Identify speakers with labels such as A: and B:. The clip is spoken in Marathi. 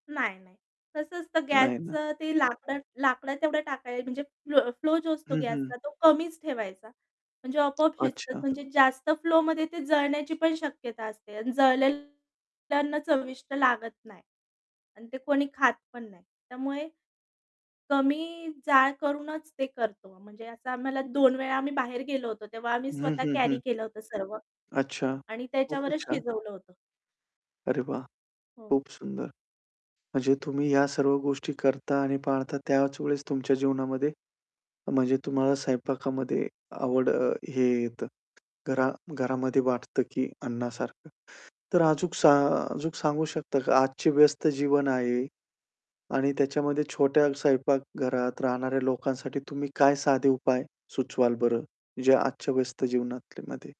A: नाही, नाही. कसं असतं
B: नाही ना.
A: गॅसचं ते लाकडं लाकडं तेवढं टाकाय, म्हणजे फ्लो फ्लो जो असतो
B: हं, हं.
A: गॅसचा तो कमीच ठेवायचा. म्हणजे आपोआप शिजतात.
B: अच्छा.
A: म्हणजे जास्त फ्लोमध्ये ते जळण्याची पण शक्यता असते अन जळलेल अन्न चविष्ट लागत नाही अन ते कोणी खात पण नाही. त्यामुळे, कमी जाळ करूनच ते करतो. म्हणजे असं आम्हाला 2 वेळा आम्ही बाहेर गेलो होतो, तेव्हा आम्ही
B: हं,
A: स्वतः
B: हं,
A: कॅरी
B: हं.
A: केलं होतं सर्वं
B: अच्छा,
A: आणि
B: खूपच
A: त्याच्यावरच
B: छान.
A: शिजवलं होतं.
B: अरे, वाह!
A: हो.
B: खूप सुंदर. म्हणजे तुम्ही ह्या सर्व गोष्टी करता आणि पाळता त्याच वेळेस तुमच्या जीवनामध्ये, म्हणजे तुम्हाला स्वयंपाकामध्ये आवड हे येतं. घरा घरामध्ये वाटतं की अण्णासारखं. तर अजून सा अजून सांगू शकता का, आजचे व्यस्त जीवन आहे आणि त्याच्यामध्ये छोट्या स्वयंपाकघरात राहणाऱ्या लोकांसाठी तुम्ही काय साधे उपाय सुचवाल बरं? जे आजच्या व्यस्त जीवनामध्ये.